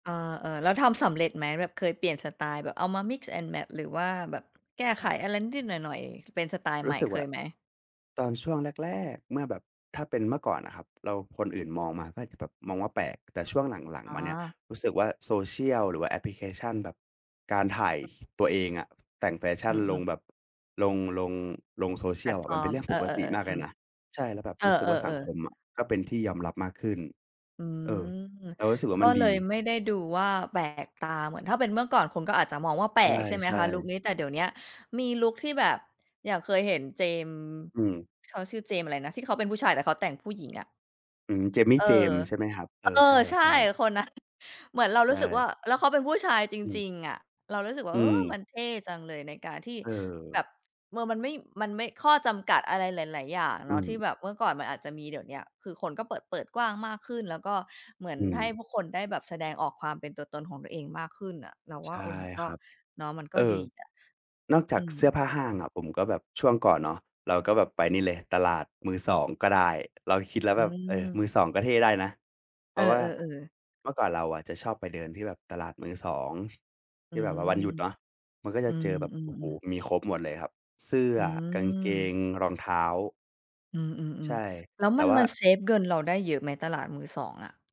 เออ ๆ แล้วทำสำเร็จไหม? แบบเคยเปลี่ยนสไตล์แบบเอามา Mix and Match หรือว่าแบบ แก้ไขอะไรนิด ๆ หน่อย ๆ เป็นสไตล์รใูหม้่ สึกเวค่า ยไหม? ตอนช่วง แรก ๆ เมื่อแบบถ้าเป็นเมื่อก่อนน่ะครับ เรา คนอื่นมองมาก็อาจจะแบบมองว่าแปลก แต่ช่วงหลัง อ๋ๆ มาเนี่ย อ รู้สึกว่า Social หรือว่าแอปพลิเคชันแบบ การถ่าย ส ตัวเองอะ แต่งแฟชอั่ืนลงอ ๆ แบบ ลง ลง ลง แพลsocial ตอฟะ มันอเปร็์นเม รื่องเปออ กติมๆ ากๆ อเืลยม นะ ใช่ แล้วแบบเอรู้สึกว่า สังอ คๆ ๆ มอะก็เป็นที่ยอมรับมากขึ้น อืเออ ม เรารู้สึกว่าก็มันเลดี ยไม่ได้ดูว่าแปลกตา เหมือนถ้าเป็นเมื่อก่อนคนก็อาจจะมองว่าแปใลก ใช่ไหมช่ คะลุๆ กนี้ แต่เดี๋ยวเนี้ยมีลุกที่แบบ อย่างเคยเห็นเจมส์ อืม เขาชื่อเจมส์อะไรนะ ที่เขาเป็นผู้ชาย แต่เขาแต่งผู้หญิง อะ อืม เจมมี่ เออ เจมส์ ใช่ไหมครับ เอเออ อ ใใช่ ช่ ๆ คนนั้น เหมือนเราใชรู้สึกว่่ า แล้วเขาเป็นผู้ชายจอืม ริง ๆ อะ เรารู้สึกว่อา ืเออ! ม มันเท่จังเลย ในการที่เแบออ บ เมอ มันไม่ มันไม่ ข้อจำกัดอะไรหลาย ๆ อย่างอเืนาะ ที่ม แบบเมื่อก่อนมันอาจจะมี เดี๋ยวเนี้ยคือคนก็เปิด เปิดกว้างมากขึ้น แล้วก็เหมืออนืให้ม พวกคนได้แบบแสดงออกความเป็นตัวตนของตัวเองมากขึ้นอะเราวใช่า ่เออ มันกค็ รับ เนาะ มันกเอ็อ ดีอะ นอกจอาืกม เสื้อผ้าห้างอ ะผมก็แบบ ช่วงก่อนเนาะ เราก็แบบไปนี่เลยตลาดมือสองก็ได้ เราคิดแล้วอืแบบ เออ มม ือสองก็เท่ได้นะ เเพอราอ ะว่าๆ ๆ เมื่อก่อนเราอะจะชอบไปเดินที่แบบตลาดมือสอง ทอืี่แบบว่าวันหม ยุดเนาะ มันก็จอืะเจอแบบ โอ้โฮ อ ๆ ๆ มีครบหมดเลยครับ เสื้อ อืกางเกม ง รองเท้า อืใชม ่ ๆ ๆ แล้วแต่มัน ว่มา ันเซฟเงินเราได้เยอะไหม ตลาดมือสองอะ?